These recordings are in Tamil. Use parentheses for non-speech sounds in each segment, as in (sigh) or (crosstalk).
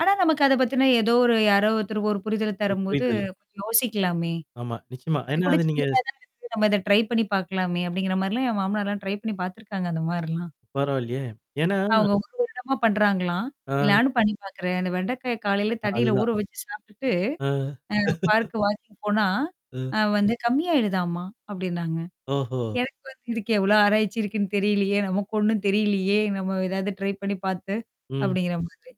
ஆனா, நமக்கு அத பத்தின ஏதோ ஒரு யாரோ ஒருத்தர் ஒரு புரிதல பு தரும்போது புரியுதுல்ல. கொஞ்சம் யோசிக்கலாமே. ஆமா. நிச்சயமா. "இது ஏன்னா கூட அது நீங்க சின்னதா ஸ் தான இருக்கு. நம்ம இத ட்ரை பண்ணி பார்க்கலாமே" அப்படிங்கிற மாரிலாம் என் மாமனார்லாம் ட்ரை பண்ணி பார்த்துருக்காங்க அந்த மாரிலாம். பரவால்லயே. ஏன்னா அவங்க 1 வருடமா பண்றாங்களாம். அ. நானும் பண்ணி பாாக்குறேன். அந்த வெண்டைக்காய காலையில தண்ணியில அதுதான். ஊற வச்சு சாப்ட்டுட்டு அ. அ (chuckles) பார்க்குக்கு வாக்கிங் போனா, ம். அ வந்து கம்மியாயிடுதாமா, அப்படின்னாங்க. ஓஹோ! எனக்கு வந்து "இதுக்கு எவ்வளோ ஆராய்ச்சி இருக்குன்னு தெரியலையே! நமக்கு ஒண்ணும் தெரியலையே, நம்ம ஏதாவது ட்ரை பண்ணி பார்த்து." ம். அப்படிங்கிற மாதிரி.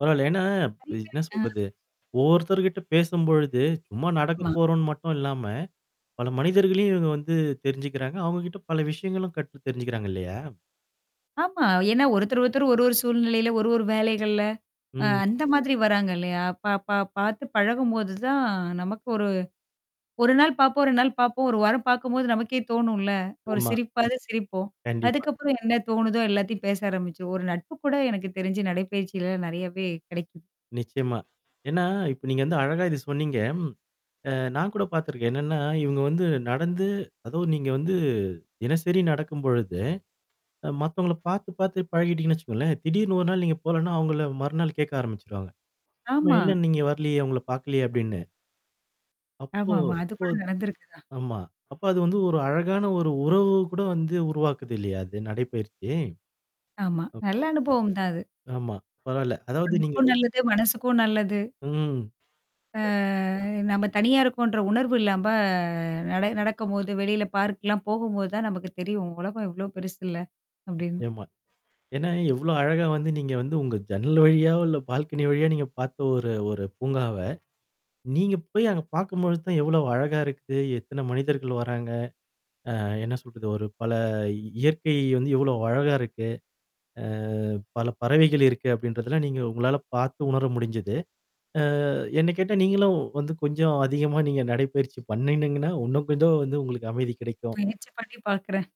பரவால்ல. ஏன்னா நெறைய என்ன பேர் அம். சொல்றது, ஒவ்வொருத்தர்கிட்ட பேசும்பொழுது, சும்மா நடக்க ஆமா. போறோம்ன்னு மட்டும் இல்லாம, பல மனிதர்களையும் இவங்க வந்து தெரிஞ்சுக்கிறாங்க. அவுங்க கிட்ட பல விஷயங்களும் கற்று தெரிஞ்சுக்கிறாங்க இல்லையா? ஆமா. ஏன்னா ஒருத்தர் ஒருத்தர் ஒரு ஒரு சூழ்நிலையில, ஒரு ஒரு வேலைகள்ல, அ ம். அந்த மாதிரி வராங்க இல்லையா? பா-பா பார்த்து பழகும்போது தான் நமக்கு ஒரு 1 நாள் பாப்போம், 2 நாள் பாப்போம், 1 வாரம் பார்க்கும்போது நமக்கே தோணும்ல்ல, ஒரு ஆமா. சிரிப்பாவது சிரிப்போம். கண்டிப்பா. அதுக்கப்புறம் என்ன தோணுதோ எல்லாத்தையும் பேச ஆரம்பிச்சு ஒரு நட்பு கூட எனக்கு தெரிஞ்ச நடைப்பயிற்சிலல்லாம் நெறையாவே கெடைக்குது. நிச்சயமா. ஏன்னா, இப்ப நீங்க வந்து அழகா இத சொன்னீங்க ம். அ நான் கூட பார்த்துருக்கேன். என்னன்னா, இவங்க வந்து நடந்து அதவும் நீங்க வந்து தினசரி நடக்கும் பொழுது, அ மத்தவங்கள பார்த்து பார்த்து பழகிட்டீங்கன்னு வச்சுக்கோங்களேன், திடீர்ன்னு 1 நாள் நீங்க போகலன்னா, அவங்கள மறுநாள் கேட்க ஆரம்பிச்சுருவாங்க. "ஆமா, ஆமா. என்ன நீங்க வரலியே, உங்கள பாக்கலியே?" அப்படின்னு. அப்போ ஆமாமா. அது அப்போ கூட நடந்திருக்குதான். ஆமா. அப்ப அது வந்து ஒரு அழகான ஒரு உறவு கூட வந்து உருவாக்குது இல்லையா? அது நடைப்பயிற்சி. ஆமா. நல்ல அப்ப அனுபவம் தான் அது. ஆமா. பரவால்ல, அதாவது நீங்க உடம்புக்கும் ரொ நல்லது, மனசுக்கும் நல்லது. ம். அ நம்ம தனியா இருக்கோம்ன்ற உணர்வு இல்லாம் ப நட நடக்கும்போது, வெளியில பார்க்லாம் போகும்போது தான் நமக்கு தெரியும், "உலகம் எவ்வளோ பெருசுல்ல" அப்படின்னு. ஆமா. ஏன்னா எவ்வளோ அழகா வந்து நீங்க வந்து உங்க ஜன்னல் வழியாவோ, இல்ல பால்கனி வழியாவோ நீங்க பார்த்த ஒரு ஒரு பூங்காவ, நீங்க போய் அங்க பார்க்கும்பொழுது தான் எவ்வளோ அழகா இருக்கு, எத்தன மனிதர்கள் வராங்க. அ என்ன சொல்றது, ஒரு பல இயற்கை வந்து எவ்வளோ அழகா இருக்கு. அ பல பறவைகள் இருக்கு அப்படின்றதெல்லாம் நீங்க உங்களால பார்த்து உணர முடிஞ்சது. அ என்ன கேட்டா நீங்களும் வந்து கொஞ்சம் அதிகமா நீங்க நடைப்பயிற்சி பண்ணணீங்கன்னா, உன்னும் கொஞ்சம் வந்து உங்களுக்கு அமைதி கிடைக்கும். முயற்சி பண்ணி பாக்குறேன்.